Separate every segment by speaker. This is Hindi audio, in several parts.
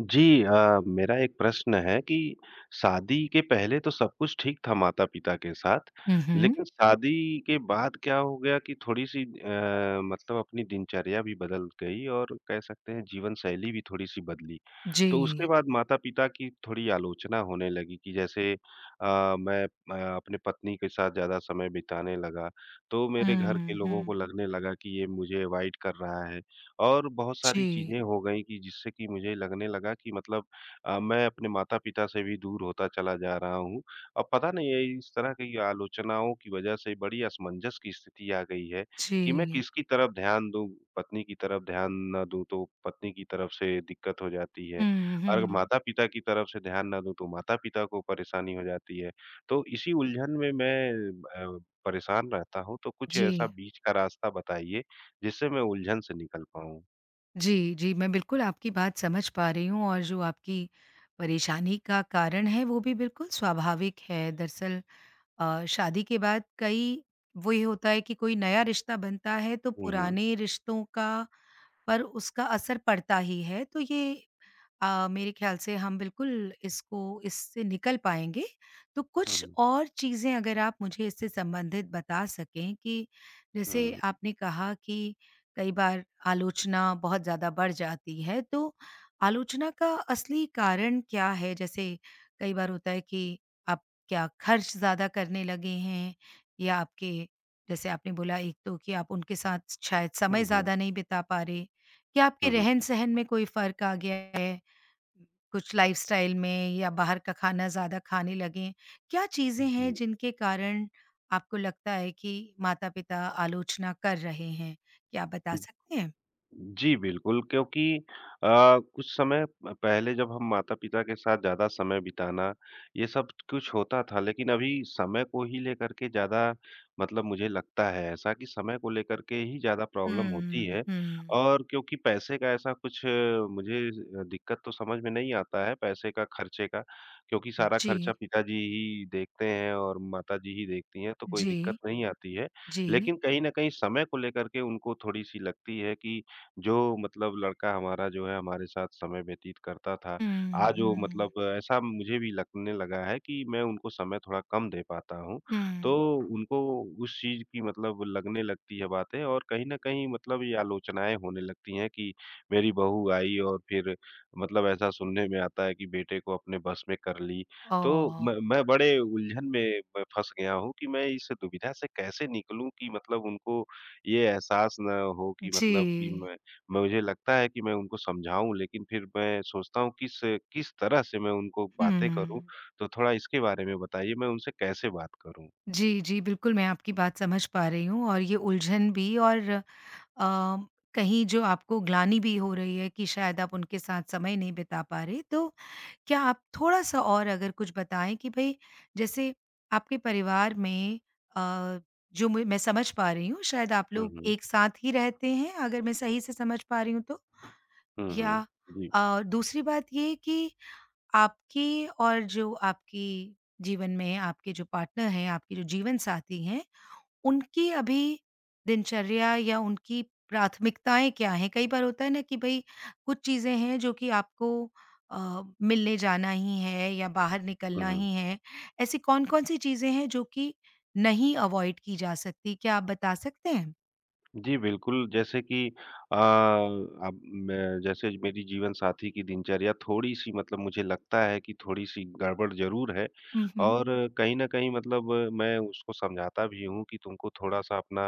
Speaker 1: जी अ, मेरा एक प्रश्न है कि शादी के पहले तो सब कुछ ठीक था माता-पिता के साथ,
Speaker 2: हुँ, हुँ।
Speaker 1: लेकिन शादी के बाद क्या हो गया कि थोड़ी-सी अ, मतलब अपनी दिनचर्या भी बदल गई, और कह सकते हैं जीवनशैली भी थोड़ी-सी बदली। तो उसके
Speaker 2: जी।
Speaker 1: बाद माता-पिता की थोड़ी आलोचना होने लगी कि जैसे अ, मैं अ, अपनी पत्नी के साथ ज़्यादा समय बिताने लगा, तो मेरे घर के
Speaker 2: हुँ,
Speaker 1: लोगों को
Speaker 2: हुँ।
Speaker 1: लगने लगा कि ये मुझे अवॉइड कर रहा है। और बहुत सारी
Speaker 2: जी।
Speaker 1: चीज़े हो गईं कि जिससे कि मुझे लगने लगा कि मतलब अ, मैं अपने माता-पिता से भी दूर होता चला जा रहा हूँ। अ, पता नहीं ये इस तरह की आलोचनाओं की वज़ह से बड़ी असमंजस की स्थिति आ गई है कि मैं
Speaker 2: जी।
Speaker 1: किसकी तरफ ध्यान दूँ। पत्नी की तरफ ध्यान ना दूँ, तो पत्नी की तरफ से दिक्कत हो जाती है,
Speaker 2: हुँ,
Speaker 1: अगर
Speaker 2: हुँ।
Speaker 1: माता-पिता की तरफ से ध्यान ना दूँ ,तो माता-पिता को परेशानी हो जाती है। तो इसी उलझन में, मैं अ, परेशान रहता हूँ। तो कुछ ऐसा
Speaker 2: जी।
Speaker 1: बीच का रास्ता बताइए जिससे मैं उलझन से निकल पाऊँ।
Speaker 2: जी, जी, मैं बिल्कुल आपकी बात समझ पा रही हूँ, और जो आपकी परेशानी का कारण है, वो भी बिल्कुल स्वाभाविक है। दरअसल अ, शादी के बाद कई वही होता है कि कोई नया रिश्ता बनता है, तो
Speaker 1: हुँ, हुँ।
Speaker 2: पुराने रिश्तों का पर उसका असर पड़ता ही है, तो ये अ, मेरे ख़्याल से हम बिल्कुल इसको इससे निकल पाएँगे। तो
Speaker 1: हुँ,
Speaker 2: कुछ
Speaker 1: हुँ।
Speaker 2: और चीज़ें अगर आप मुझे इससे संबंधित बता सकें कि जैसे
Speaker 1: हुँ।
Speaker 2: आपने कहा कि कई बार आलोचना बहुत ज़्यादा बढ़ जाती है, तो आलोचना का असली कारण क्या है? जैसे कई बार होता है कि आप क्या ख़र्च ज़्यादा करने लगे हैं, या आपके जैसे आपने बोला एक तो कि आप उनके साथ शायद समय
Speaker 1: हुँ, हुँ।
Speaker 2: ज़्यादा नहीं बिता पा रहे, या आपके
Speaker 1: हुँ, हुँ।
Speaker 2: रहन-सहन में कोई फ़र्क आ गया है, कुछ लाइफ़स्टाइल में, या बाहर का खाना ज़्यादा खाने लगें? क्या चीज़ें
Speaker 1: हुँ,
Speaker 2: हैं
Speaker 1: हुँ।
Speaker 2: जिनके कारण आपको लगता है कि माता-पिता आलोचना कर रहे हैं, क्या आप बता
Speaker 1: उ,
Speaker 2: सकते हैं?
Speaker 1: जी। बिल्कुल, क्योंकि अ, कुछ समय प पहले जब हम माता-पिता के साथ ज़्यादा समय बिताना, ये सब कुछ होता था, लेकिन अभी समय को ही लेकर के ज़्यादा मतलब मुझे लगता है ऐसा कि समय को लेकर के ही ज़्यादा प्रॉब्लम होती
Speaker 2: हुँ,
Speaker 1: है।
Speaker 2: हुँ।
Speaker 1: और क्योंकि पैसे का ऐसा कुछ मुझे ज दिक्कत तो समझ में नहीं आता है, पैसे का, ख़र्चे का, क्योंकि सारा खर्चा
Speaker 2: जी।
Speaker 1: पिताजी ही देखते हैं और माताजी ही देखती हैं, तो कोई दिक्कत
Speaker 2: जी।
Speaker 1: नहीं आती है।
Speaker 2: जी।
Speaker 1: लेकिन कहीं न कहीं समय को लेकर के उनको थोड़ी-सी लगती है कि जो मतलब लड़का हमारा जो है हमारे साथ समय व्यतीत करता था,
Speaker 2: उ,
Speaker 1: आज वो
Speaker 2: हुँ।
Speaker 1: मतलब ऐसा मुझे भी लगने लगा है कि मैं उनको समय थोड़ा कम दे पाता हूँ।
Speaker 2: हुँ।
Speaker 1: तो उनको उस चीज़ की मतलब लगने लगती है बातें, और कहीं न कहीं मतलब ये आलोचनाएँ होने लगती हैं कि मेरी बहू आई और फिर मतलब ऐसा सुनने में आता है कि बेटे को अपने बस में कर ली। तो
Speaker 2: ओह! हो!
Speaker 1: मैं मैं बड़े उलझन में प फँस गया हूँ कि मैं इस दुविधा से कैसे निकलूँ कि मतलब उनको ये एहसास ना हो कि मतलब कि
Speaker 2: जी।
Speaker 1: मैं मुझे लगता है कि मैं उनको समझाऊँ, लेकिन फिर मैं सोचता हूँ किस, किस तरह से मैं उनको बातें करूँ।
Speaker 2: हुँ।
Speaker 1: तो थोड़ा इसके बारे में बताइए, मैं उनसे कैसे बात करूँ?
Speaker 2: जी, जी, बिल्कुल, मैं आपकी बात समझ पा रही हूँ और ये उलझन भी। और अ, कहीं जो आपको ग्लानि भी हो रही है कि शायद आप उनके साथ समय नहीं बिता पा रहें, तो क्या आप थोड़ा-सा और अगर कुछ बताएँ कि भई, जैसे आपके परिवार में अ, जो म मैं समझ पा रही हूँ, शायद आप
Speaker 1: हुँ,
Speaker 2: लोग
Speaker 1: हुँ।
Speaker 2: एक साथ ही रहते हैं, अगर मैं सही से समझ पा रही हूँ तो।
Speaker 1: हुँ, हुँ।
Speaker 2: या
Speaker 1: जी।
Speaker 2: अ, दूसरी बात ये है कि आपकी और जो आपकी जीवन में आपके जो पार्टनर हैं, आपकी जो जीवनसाथी हैं, उनकी अभी दिनचर्या या उनकी प्राथमिकताएँ क्या हैं? कई बार होता है ना कि भई, कुछ चीज़ें हैं जो कि आपको अ, मिलने जाना ही है या बाहर
Speaker 1: हुँ,
Speaker 2: निकलना
Speaker 1: हुँ।
Speaker 2: ही है। ऐसी कौन-कौन सी चीज़ें हैं जो कि नहीं अवॉइड की जा सकती, क्या आप बता सकते हैं?
Speaker 1: जी, बिल्कुल जैसे कि अ, अब मैं जैसे मेरी जीवनसाथी की दिनचर्या थोड़ी-सी मतलब मुझे लगता है कि थोड़ी-सी गड़बड़ ज़रूर है।
Speaker 2: हुँ, हुँ।
Speaker 1: और कहीं न कहीं मतलब मैं उसको समझाता भी हूँ कि तुमको थोड़ा-सा अपना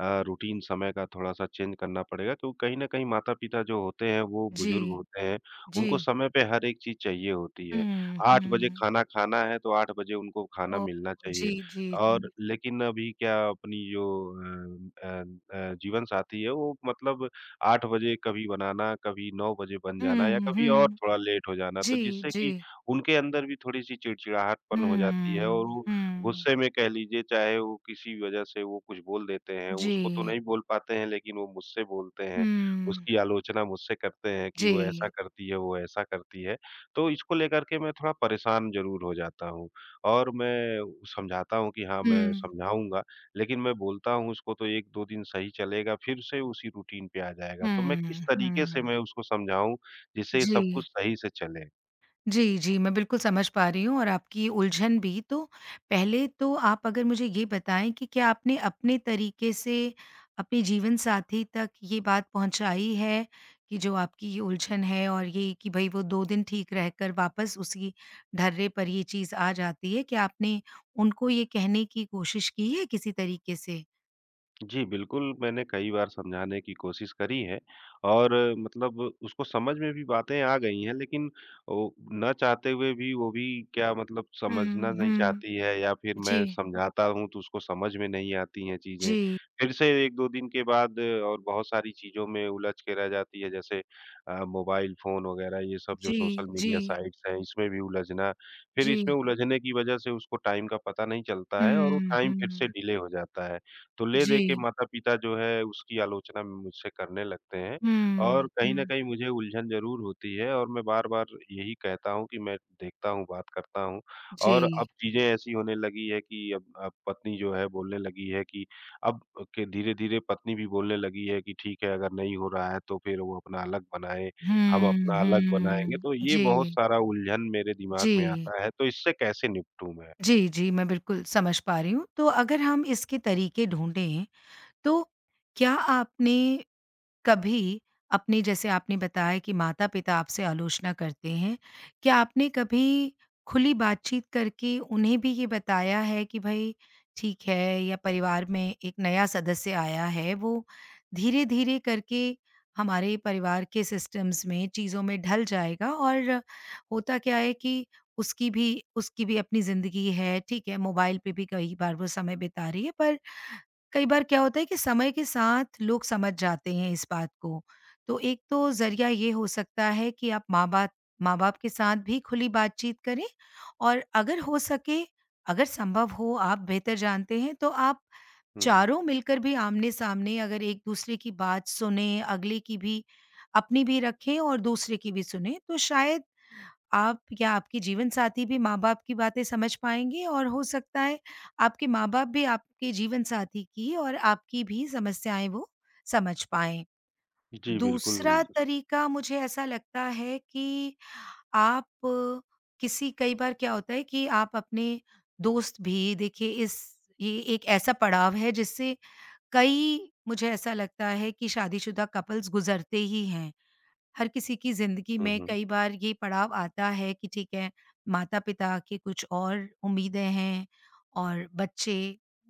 Speaker 1: अ, रूटीन समय का थोड़ा-सा चेंज करना पड़ेगा। तो कहीं न कहीं माता-पिता जो होते हैं, वो बुजुर्ग
Speaker 2: जी।
Speaker 1: होते हैं उनको
Speaker 2: जी।
Speaker 1: समय पे हर एक चीज़ चाहिए होती है।
Speaker 2: हुँ,
Speaker 1: 8 बजे
Speaker 2: हुँ।
Speaker 1: खाना खाना है, तो 8 बजे उनको खाना
Speaker 2: ओह!
Speaker 1: मिलना चाहिए।
Speaker 2: जी, जी,
Speaker 1: और
Speaker 2: जी।
Speaker 1: लेकिन अभी क्या अपनी जो अ अ अ, जीवनसाथी है वो मतलब 8 बजे कभी बनाना, कभी 9 बजे बन जाना या
Speaker 2: हुँ,
Speaker 1: कभी और
Speaker 2: हुँ।
Speaker 1: थोड़ा लेट हो जाना। तो
Speaker 2: जी,
Speaker 1: जिससे कि
Speaker 2: जी।
Speaker 1: उनके अंदर भी थोड़ी-सी चिड़चिड़ाहटपन हो जाती है और
Speaker 2: हम्म।
Speaker 1: वो
Speaker 2: हुँ।
Speaker 1: गुस्से में कह लीजिए, चाहे वो किसी वज़ह से वो कुछ बोल देते हैं, उसको तो
Speaker 2: जी।
Speaker 1: नहीं बोल पाते हैं लेकिन वो मुझसे बोलते हैं।
Speaker 2: हुँ।
Speaker 1: उसकी आलोचना मुझसे करते हैं कि वो ऐसा
Speaker 2: जी।
Speaker 1: करती है, वो वैसा करती है। तो इसको लेकर के मैं थोड़ा परेशान ज़रूर हो जाता हूँ। और मैं समझाता हूँ कि हाँ, मैं
Speaker 2: हुँ।
Speaker 1: समझाऊँगा, लेकिन मैं बोलता हूँ उसको तो 1-2 दिन सही चलेगा, फ़िर से उसी रूटीन पे आ जाएगा। तो मैं किस
Speaker 2: हुँ,
Speaker 1: तरीके से
Speaker 2: हुँ।
Speaker 1: मैं उसको समझाऊँ, जिससे ये सब
Speaker 2: जी।
Speaker 1: कुछ सही से चले?
Speaker 2: जी, जी। मैं बिल्कुल, समझ पा रही हूँ और आपकी उलझन भी। तो पहले तो आप अगर मुझे ये बताएँ कि क्या आपने अपने तरीके से अपने जीवनसाथी तक ये बात पहुँचाई है? कि जो आपकी ये उलझन है और ये कि भई वो 2 दिन ठीक रहकर वापस उसी ढर्रे पर ये चीज़ आ जाती है? क्या आपने उनको ये कहने की कोशिश की है किसी तरीके से?
Speaker 1: जी, बिल्कुल, मैंने कई बार समझाने की कोशिश करी है। और मतलब उसको समझ में भी बातें आ गई हैं लेकिन वो ना चाहते हुए भी वो भी क्या मतलब
Speaker 2: हुँ,
Speaker 1: समझना नहीं
Speaker 2: हुँ।
Speaker 1: चाहती है या फिर मैं
Speaker 2: जी।
Speaker 1: समझाता हूँ तो उसको समझ में नहीं आती हैं चीजें,
Speaker 2: जी।
Speaker 1: फिर से 1-2 दिन के बाद और बहुत सारी चीज़ों में उलझ के रह जाती है जैसे अ, मोबाइल फ़ोन वग़ैरह ये सब जो
Speaker 2: जी,
Speaker 1: सोशल मीडिया
Speaker 2: जी।
Speaker 1: साइट्स हैं, इसमें भी उलझना। फिर इसमें
Speaker 2: जी।
Speaker 1: उलझने की वजह से उसको टाइम का पता नहीं चलता है और वो
Speaker 2: हुँ,
Speaker 1: टाइम फिर से
Speaker 2: हुँ।
Speaker 1: डिले हो जाता है। तो ले देके
Speaker 2: जी।
Speaker 1: माता-पिता जो है उसकी आलोचना मुझसे करने लगते हैं, और
Speaker 2: हुँ,
Speaker 1: कहीं न
Speaker 2: हुँ।
Speaker 1: कहीं मुझे उलझन ज़रूर होती है और मैं बार-बार यही कहता हूँ कि मैं देखता हूँ, बात करता हूँ। और
Speaker 2: जी।
Speaker 1: अब चीज़ें ऐसी होने लगी हैं कि अब अ, पत्नी जो है बोलने लगी है कि अब के धीरे-धीरे पत्नी भी बोलने लगी है कि ठीक है, अगर नहीं हो रहा है तो फिर वो अपना अलग बनाए हम
Speaker 2: हुँ,
Speaker 1: अपना अलग बनाएँगे
Speaker 2: हुँ।
Speaker 1: तो ये बहुत
Speaker 2: जी।
Speaker 1: सारा उलझन मेरे दिमाग में
Speaker 2: जी।
Speaker 1: आता है। तो इससे कैसे निपटूँ मैं?
Speaker 2: जी, जी। मैं बिल्कुल, समझ पा रही हूँ तो अगर हम इसके तरीके ढूँढे, तो क्या आपने कभी, अपने जैसे आपने बताया कि माता-पिता आपसे आलोचना करते हैं, क्या आपने कभी खुली बातचीत करके उन्हें भी ये बताया है कि भाई ठीक है, या परिवार में एक नया सदस्य आया है वो धीरे-धीरे करके हमारे परिवार के सिस्टम्स में, चीज़ों में ढल जाएगा और होता क्या है कि उसकी भी उसकी भी अपनी ज़िंदगी है ठीक है मोबाइल पे भी कई बार वो समय बिता रही है पर कई बार क्या होता है कि समय के साथ लोग समझ जाते हैं इस बात को। तो एक तो जरिया ये हो सकता है कि आप माँ बात माँ-बाप के साथ भी खुली बातचीत करें और अगर हो सके अगर संभव हो आप बेहतर जानते हैं तो आप
Speaker 1: हुँ, हुँ।
Speaker 2: चारों मिलकर भी आमने-सामने अगर एक-दूसरे की बात सुने, अगले की भी, अपनी भी रखें और दूसरे की भी सुने तो शायद आप या आपकी जीवनसाथी भी माँ-बाप की बातें समझ पाएँगी और हो सकता है, आपके माँ-बाप भी आपके जीवनसाथी की और आपकी भी समस्याएँ वो समझ पाएँ।
Speaker 1: जी, बिल्कुल।
Speaker 2: दूसरा तरीका मुझे ऐसा लगता है कि आप किसी कई बार क्या होता है कि आप अपने दोस्त भी देखिए इस ये एक ऐसा पड़ाव है जिससे कई मुझे ऐसा लगता है कि शादीशुदा कपल्स गुजरते ही हैं। हर किसी की ज़िंदगी
Speaker 1: हुँ,
Speaker 2: में
Speaker 1: हुँ।
Speaker 2: कई बार ये पड़ाव आता है कि ठीक है, माता-पिता के कुछ और उम्मीदें हैं और बच्चे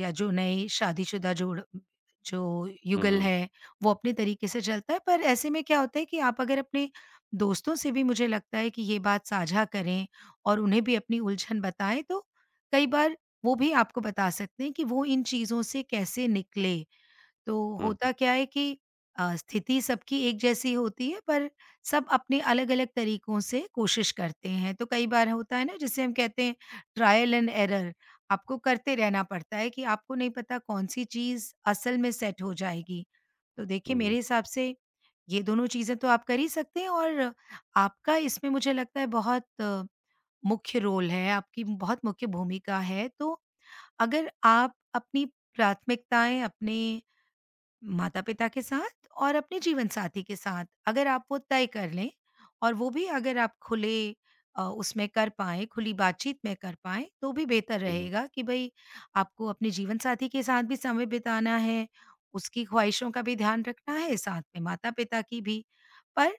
Speaker 2: या जो नए शादीशुदा जोड़ जो
Speaker 1: हुँ,
Speaker 2: युगल
Speaker 1: हुँ।
Speaker 2: है, वो अपने तरीके से चलता है पर ऐसे में क्या होता है कि आप अगर अपने दोस्तों से भी मुझे लगता है कि ये बात साझा करें, और उन्हें भी अपनी उलझन बताएँ तो कई बार वो भी आपको बता सकते हैं कि वो इन चीज़ों से कैसे निकले। तो
Speaker 1: हुँ।
Speaker 2: होता क्या है कि अ, स्थिति सबकी एक जैसी होती है, पर सब अपने अलग-अलग तरीकों से कोशिश करते हैं। तो कई बार होता है ना जिसे हम कहते हैं ट्रायल एंड एरर आपको करते रहना पड़ता है कि आपको नहीं पता कौन-सी चीज़ असल में सेट हो जाएगी। तो देखिए
Speaker 1: हुँ, हुँ।
Speaker 2: मेरे हिसाब से ये दोनों चीज़ें तो आप कर ही सकते हैं और आपका इसमें मुझे लगता है बहुत मुख्य रोल है, आपकी बहुत मुख्य भूमिका है तो अगर आप अपनी प्राथमिकताएँ अपने माता-पिता के साथ और अपने जीवनसाथी के साथ, अगर आप वो तय कर लें और वो भी अगर आप खुले अ, उसमें कर पाएँ, खुली बातचीत में कर पाएँ तो भी बेहतर
Speaker 1: हुँ, हुँ।
Speaker 2: रहेगा कि भाई आपको अपने जीवनसाथी के साथ भी समय बिताना है, उसकी ख्वाहिशों का भी ध्यान रखना है साथ में माता-पिता की भी। पर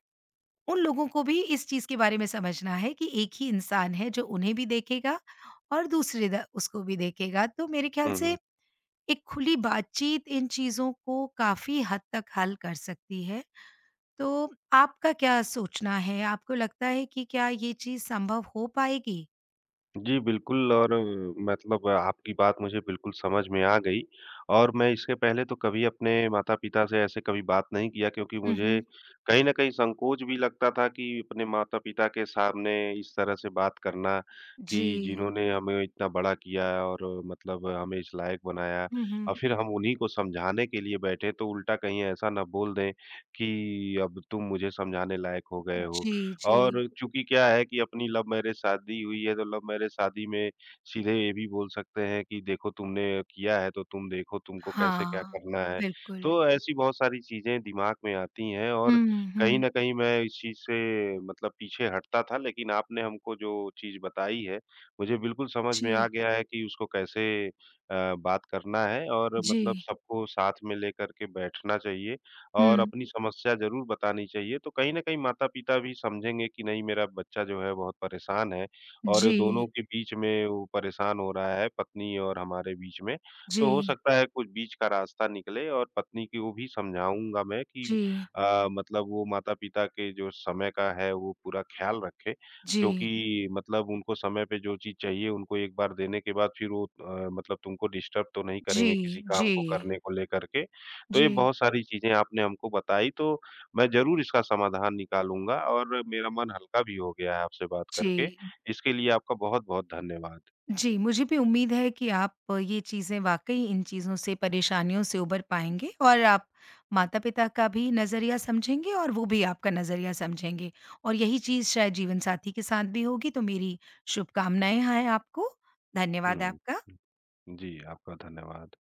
Speaker 2: उन लोगों को भी इस चीज़ के बारे में समझना है कि एक ही इंसान है जो उन्हें भी देखेगा और दूसरे द उसको भी देखेगा तो मेरे ख़्याल
Speaker 1: हुँ,
Speaker 2: से,
Speaker 1: हुँ।
Speaker 2: एक खुली बातचीत इन चीज़ों को काफ़ी हद तक हल कर सकती है। तो आपका क्या सोचना है? आपको लगता है कि क्या ये चीज़ संभव हो पाएगी?
Speaker 1: जी, बिल्कुल और मतलब आपकी बात मुझे बिल्कुल समझ में आ गई और मैं इससे पहले तो कभी अपने माता-पिता से ऐसे कभी बात नहीं किया। क्योंकि
Speaker 2: हुँ,
Speaker 1: मुझे
Speaker 2: हुँ।
Speaker 1: कहीं न कहीं संकोच भी लगता था कि अपने माता-पिता के सामने इस तरह से बात करना कि
Speaker 2: जी।
Speaker 1: जिन्होंने हमें इतना बड़ा किया है। और मतलब हमें इस लायक बनाया
Speaker 2: हुँ,
Speaker 1: और
Speaker 2: हुँ।
Speaker 1: फ़िर हम उन्हीं को समझाने के लिए बैठे, तो उल्टा कहीं ऐसा ना बोल दें कि अब तुम मुझे समझाने लायक हो गए हो।
Speaker 2: जी, जी।
Speaker 1: और चूँकि क्या है कि अपनी लव मैरिज शादी हुई है, तो लव मैरिज शादी में सीधे ये भी बोल सकते हैं कि देखो तुमने किया है। तो तुम देखो तुमको कैसे, क्या
Speaker 2: हाँ,
Speaker 1: करना है?
Speaker 2: बिल्कुल।
Speaker 1: तो ऐसी बहुत सारी चीज़ें दिमाग में आती हैं। और
Speaker 2: हुँ,
Speaker 1: कहीं
Speaker 2: हुँ।
Speaker 1: न कहीं मैं इस चीज़ से मतलब पीछे हटता था, लेकिन आपने हमको जो चीज़ बताई है, मुझे बिल्कुल समझ में आ
Speaker 2: जी।
Speaker 1: गया है कि उसको कैसे अ, बात करना है। और मतलब
Speaker 2: जी।
Speaker 1: सबको साथ में लेकर के बैठना चाहिए और
Speaker 2: हुँ।
Speaker 1: अपनी समस्या ज़रूर बतानी चाहिए। तो कहीं न कहीं माता-पिता भी समझेंगे कि नहीं मेरा बच्चा जो है, बहुत परेशान है और दोनों
Speaker 2: जी।
Speaker 1: के बीच में वो परेशान हो रहा है, पत्नी और हमारे बीच में। तो हो
Speaker 2: जी।
Speaker 1: सकता है कुछ बीच का रास्ता निकले और पत्नी को भी समझाऊँगा मैं कि
Speaker 2: जी।
Speaker 1: अ, मतलब वो माता-पिता के जो समय का है, वो पूरा ख़्याल रखे।
Speaker 2: जी।
Speaker 1: क्योंकि मतलब उनको समय पे जो चीज़ चाहिए उनको 1 बार देने के बाद फ़िर वो अ, मतलब तुमको डिस्टर्ब तो नहीं करेंगे किसी
Speaker 2: जी,
Speaker 1: काम
Speaker 2: जी।
Speaker 1: को करने को लेकर के। तो ये
Speaker 2: जी।
Speaker 1: बहुत सारी चीज़ें आपने हमको बताई तो मैं ज़रूर इसका समाधान निकालूँगा और मेरा मन हल्का भी हो गया है आपसे बात करके।
Speaker 2: जी।
Speaker 1: इसके लिए आपका बहुत-बहुत धन्यवाद।
Speaker 2: जी, मुझे भी उम्मीद है कि आप ये चीज़ें वाक़ई इन चीज़ों से, परेशानियों से उभर पाएँगे और आप माता-पिता का भी नज़रिया समझेंगे और वो भी आपका नज़रिया समझेंगे। और यही चीज़ शायद जीवनसाथी के साथ भी होगी। तो मेरी शुभकामनाएँ हैं आपको। धन्यवाद
Speaker 1: हुँ।
Speaker 2: आपका।
Speaker 1: जी, आपका धन्यवाद।